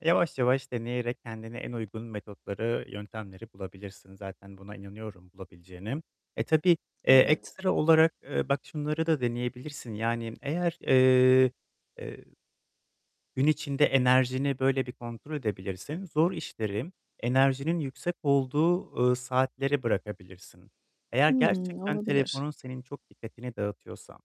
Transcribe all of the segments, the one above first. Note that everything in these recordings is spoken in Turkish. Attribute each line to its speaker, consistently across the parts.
Speaker 1: Yavaş yavaş deneyerek kendine en uygun metotları, yöntemleri bulabilirsin. Zaten buna inanıyorum bulabileceğine. E, tabii, eee,
Speaker 2: Evet.
Speaker 1: ekstra olarak, eee, bak şunları da deneyebilirsin. Yani eğer, eee, gün içinde enerjini böyle bir kontrol edebilirsin. Zor işleri, enerjinin yüksek olduğu, ııı, saatlere bırakabilirsin. Eğer
Speaker 2: Hımm,
Speaker 1: gerçekten
Speaker 2: olabilir.
Speaker 1: telefonun senin çok dikkatini dağıtıyorsa,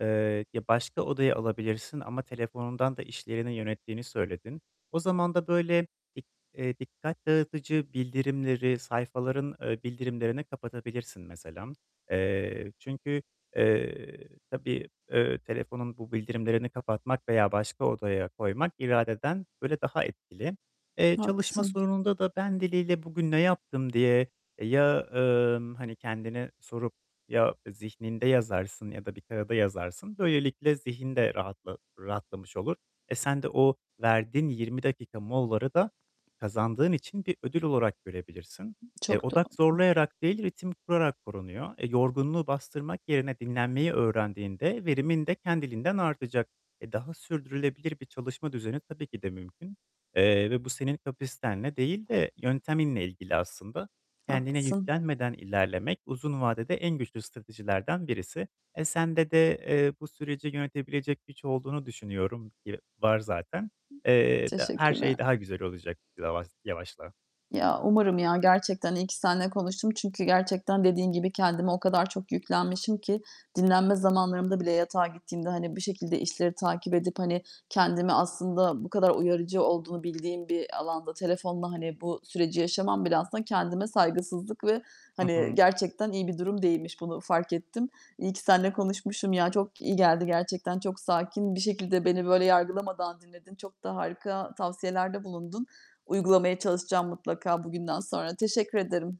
Speaker 1: eee, ya başka odaya alabilirsin ama telefonundan da işlerini yönettiğini söyledin. O zaman da böyle i eee, dikkat dağıtıcı bildirimleri, sayfaların, eee, bildirimlerini kapatabilirsin mesela. Eee, çünkü, eee, tabii, eee, telefonun bu bildirimlerini kapatmak veya başka odaya koymak iradeden böyle daha etkili. Eee, çalışma
Speaker 2: Haklısın.
Speaker 1: sorununda da ben diliyle "Bugün ne yaptım diye?" ya, ımm, hani, kendine sorup ya zihninde yazarsın ya da bir kâğıda yazarsın. Böylelikle zihin de rahatla rahatlamış olur. E, sen de o verdiğin 20 dakika molaları da kazandığın için bir ödül olarak görebilirsin. E,
Speaker 2: Çok
Speaker 1: odak
Speaker 2: doğru.
Speaker 1: zorlayarak değil, ritim kurarak korunuyor. E, yorgunluğu bastırmak yerine dinlenmeyi öğrendiğinde verimin de kendiliğinden artacak. E, daha sürdürülebilir bir çalışma düzeni, tabii ki de mümkün. Eee, ve bu senin kapasitenle değil de yönteminle ilgili aslında. Kendine
Speaker 2: Haklısın.
Speaker 1: yüklenmeden ilerlemek uzun vadede en güçlü stratejilerden birisi. E, sende de, eee, bu süreci yönetebilecek güç olduğunu düşünüyorum. Yı var zaten. Eee, da her
Speaker 2: Teşekkürler.
Speaker 1: şey daha güzel olacak lavaz yavaşla.
Speaker 2: Ya, umarım, ya. Gerçekten iyi ki seninle konuştum. Çünkü gerçekten dediğin gibi kendime o kadar çok yüklenmişim ki dinlenme zamanlarımda bile yatağa gittiğimde, hani, bir şekilde işleri takip edip, hani, kendimi aslında bu kadar uyarıcı olduğunu bildiğim bir alanda telefonla, hani, bu süreci yaşamam bile aslında kendime saygısızlık ve
Speaker 1: Hı
Speaker 2: hani
Speaker 1: hı.
Speaker 2: gerçekten iyi bir durum değilmiş, bunu fark ettim. İyi ki seninle konuşmuşum. Ya, çok iyi geldi gerçekten, çok sakin bir şekilde beni böyle yargılamadan dinledin. Çok da harika tavsiyelerde bulundun. Uygulamaya çalışacağım mutlaka bugünden sonra. Teşekkür ederim.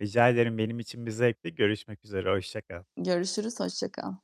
Speaker 1: Rica ederim, benim için bir zevkti görüşmek üzere, hoşça kal.
Speaker 2: Görüşürüz, hoşça kal.